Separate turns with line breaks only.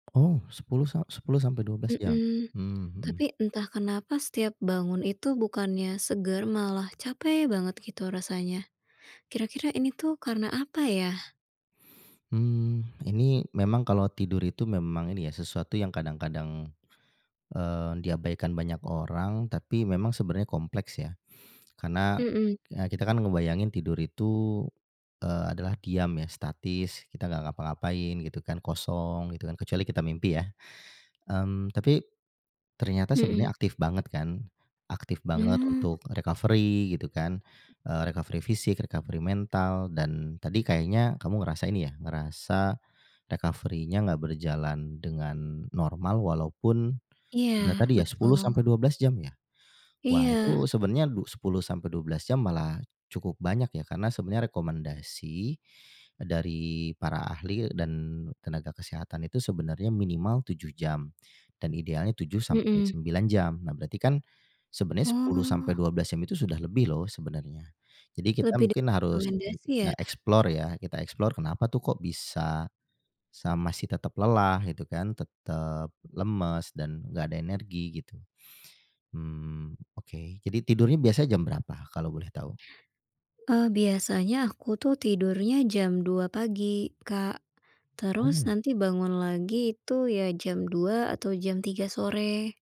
Oh 10 sa 10-12 jam?
Mhm.
Mmm, mhm.
Tapi entah kenapa? Setiap bangun itu, bukannya seger, malah capek banget, gitu rasanya. Kira-kira ini tuh, karena apa ya?
Mmm. Ini memang kalau tidur itu, memang ini ya, sesuatu yang kadang-kadang, eee, diabaikan banyak orang, tapi memang sebenarnya kompleks, ya. Karena,
Mhm.
ya kita kan ngebayangin tidur itu, eee, adalah diam, ya, statis, kita nggak ngapa-ngapain, gitu kan, kosong, gitu kan. Kecuali kita mimpi, ya? Mmm. Tapi, ternyata sebenarnya
Mhm.
aktif banget, kan, aktif banget
Oh.
untuk recovery, gitu kan. Eee, recovery fisik, recovery mental, dan tadi kayaknya, kamu ngerasain ya, ngerasa recovery-nya nggak berjalan dengan normal, walaupun sudah
Iya,
tadi ya, sepuluh
betul.
sampai dua belas jam, ya? Wah,
Iya.
itu sebenarnya du 10-12 jam, malah cukup banyak, ya, karena sebenarnya rekomendasi, eee, dari para ahli dan tenaga kesehatan itu sebenarnya, minimal 7 jam, dan idealnya tujuh sampai
Mhm.
sembilan jam. Nah, berarti kan, sebenarnya sepuluh sampai
Oh.
12 jam itu sudah lebih, loh, sebenarnya. Jadi kita
Lebih
mungkin harus [unintelligible]
direkomendasi, ya?
explore, ya. Kita explore, kenapa tuh kok, bisa sa masih tetap lelah, gitu kan. Tetep lemes, dan enggak ada energi, gitu. Mmm. Oke. Jadi tidurnya, biasanya jam berapa kalau boleh tahu?
Eee, biasanya aku tuh, tidurnya jam 2.00 pagi, Kak. Terus,
Oh.
nanti bangun lagi itu, ya jam 2.00 atau jam 3.00 sore.